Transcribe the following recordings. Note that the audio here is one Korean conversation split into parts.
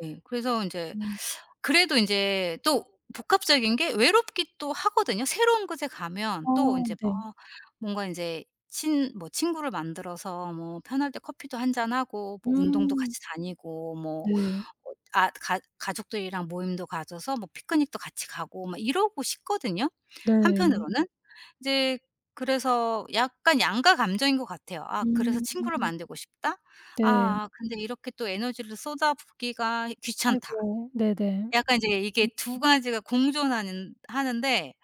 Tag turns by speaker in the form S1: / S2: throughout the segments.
S1: 네. 그래서 인제
S2: 음.
S1: 그래도 인제 또 복합적인 게 외롭기도 하거든요. 새로운 곳에 가면
S2: 아
S1: 또 인제 막
S2: 네.
S1: 뭔가 인제 친 뭐 친구를 만들어서 뭐 편할 때 커피도 1 잔하고 뭐 운동도
S2: 음.
S1: 같이 다니고 뭐
S2: 네.
S1: 어 아 가 가족들이랑 모임도 가져서 뭐 피크닉도 같이 가고 막 이러고 싶거든요,
S2: 네.
S1: 한편으로는? 이제 그래서 약간 양가감정인 것 같아요. '아 그래서 친구를
S2: 음.
S1: 만들고 싶다.'
S2: 네.
S1: '아 근데 이렇게 또 에너지를 쏟아붓기가 귀찮다.'
S2: 아이고. 네네. 음
S1: 약간 이제 이게
S2: 음.
S1: 2 가지가 공존하는 하는데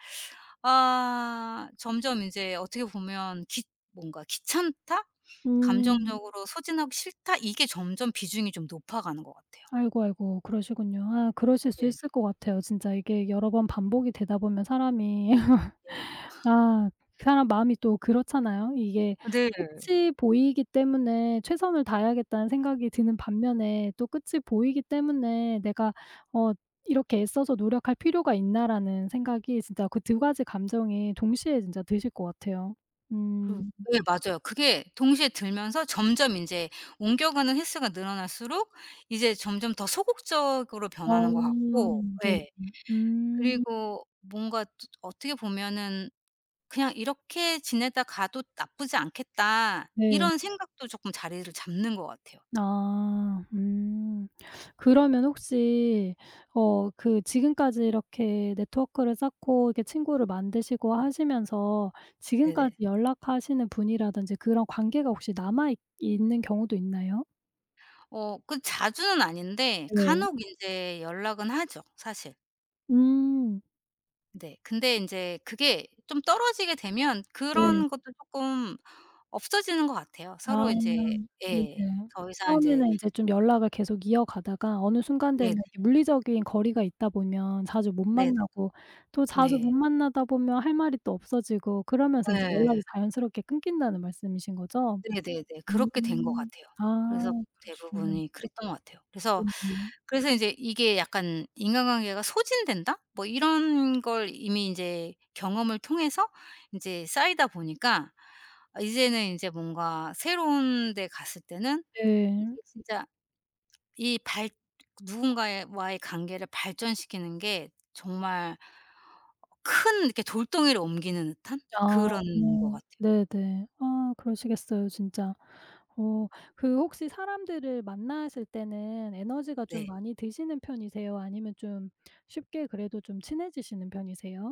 S1: 아 점점 이제 어떻게 보면 귀 뭔가 '귀찮다.
S2: 음.
S1: 감정적으로 소진하기 싫다.' 이게 점점 비중이 좀 높아 가는 것 같아요.
S2: 아이고, 아이고. 그러시군요. 아 그러실 수
S1: 네.
S2: 있을 것 같아요. 진짜 이게 여러 번 반복이 되다 보면 사람이
S1: 네.
S2: 아 그 사람 마음이 또 그렇잖아요. 이게
S1: 네.
S2: 끝이 보이기 때문에 '최선을 다해야겠다.'는 생각이 드는 반면에 또 끝이 보이기 때문에 '내가 어 이렇게 애써서 노력할 필요가 있나.'라는 생각이 진짜 그 2 가지 감정이 동시에 진짜 드실 것 같아요.
S1: 그
S2: 음.
S1: 예 맞아요. 그게 동시에 들면서 점점 인제 옮겨가는 횟수가 늘어날수록 이제 점점 더 소극적으로 변하는 것
S2: 어
S1: 같고
S2: 네.
S1: 예
S2: 음.
S1: 그리고 뭔가 또 어떻게 보면은 '그냥 이렇게 지내다 가도 나쁘지 않겠다.'
S2: 네.
S1: 이런 생각도 쪼끔 자리를 잡는 것 같아요.
S2: 아. 음. 그러면 혹시 어 그 지금까지 이렇게 네트워크를 쌓고 이렇게 친구를 만드시고 하시면서 지금까지
S1: 네네.
S2: 연락하시는 분이라든지 그런 관계가 혹시 남아 있 있는 경우도 있나요?
S1: 어. 그 자주는 아닌데
S2: 네.
S1: 간혹 인제 연락은 하죠, 사실.
S2: 음.
S1: 네. 근데 인제 그게 좀 떨어지게 되면
S2: 네.
S1: 그런 것도 쪼끔 없어지는 것 같아요.
S2: 아
S1: 서로 인제 예
S2: 네네.
S1: 더 이상 인제
S2: 처음에는 인제 좀 연락을 계속 이어가다가 어느 순간 되면
S1: 네네.
S2: 이렇게 물리적인 거리가 있다 보면 자주 못
S1: 네네.
S2: 만나고 또 자주 못
S1: 네.
S2: 만나다 보면 할 말이 또 없어지고 그러면서 인제
S1: 예.
S2: 연락이 자연스럽게 끊긴다는 말씀이신 거죠?
S1: 네네네. 그렇게 된 것
S2: 음.
S1: 같아요.
S2: 아
S1: 그래서
S2: 그러시군요.
S1: 대부분이 그랬던 것 같아요. 그래서,
S2: 네네.
S1: 그래서 인제 이게 약간 인간관계가 소진된다 뭐 이런 걸 이미 인제 경험을 통해서 인제 쌓이다 보니까 아 이제는 인제 뭔가 새로운 데 갔을 때는 이게
S2: 네.
S1: 진짜 이 발 누군가의 와의 관계를 발전시키는 게 정말 큰 이렇게 돌덩이를 옮기는 듯한
S2: 아
S1: 그런 것 같아요.
S2: 네네. 아 그러시겠어요. 진짜. 어 그 혹시 사람들을 만나실 때는 에너지가 좀
S1: 네.
S2: 많이 드시는 편이세요? 아니면 좀 쉽게 그래도 좀 친해지시는 편이세요?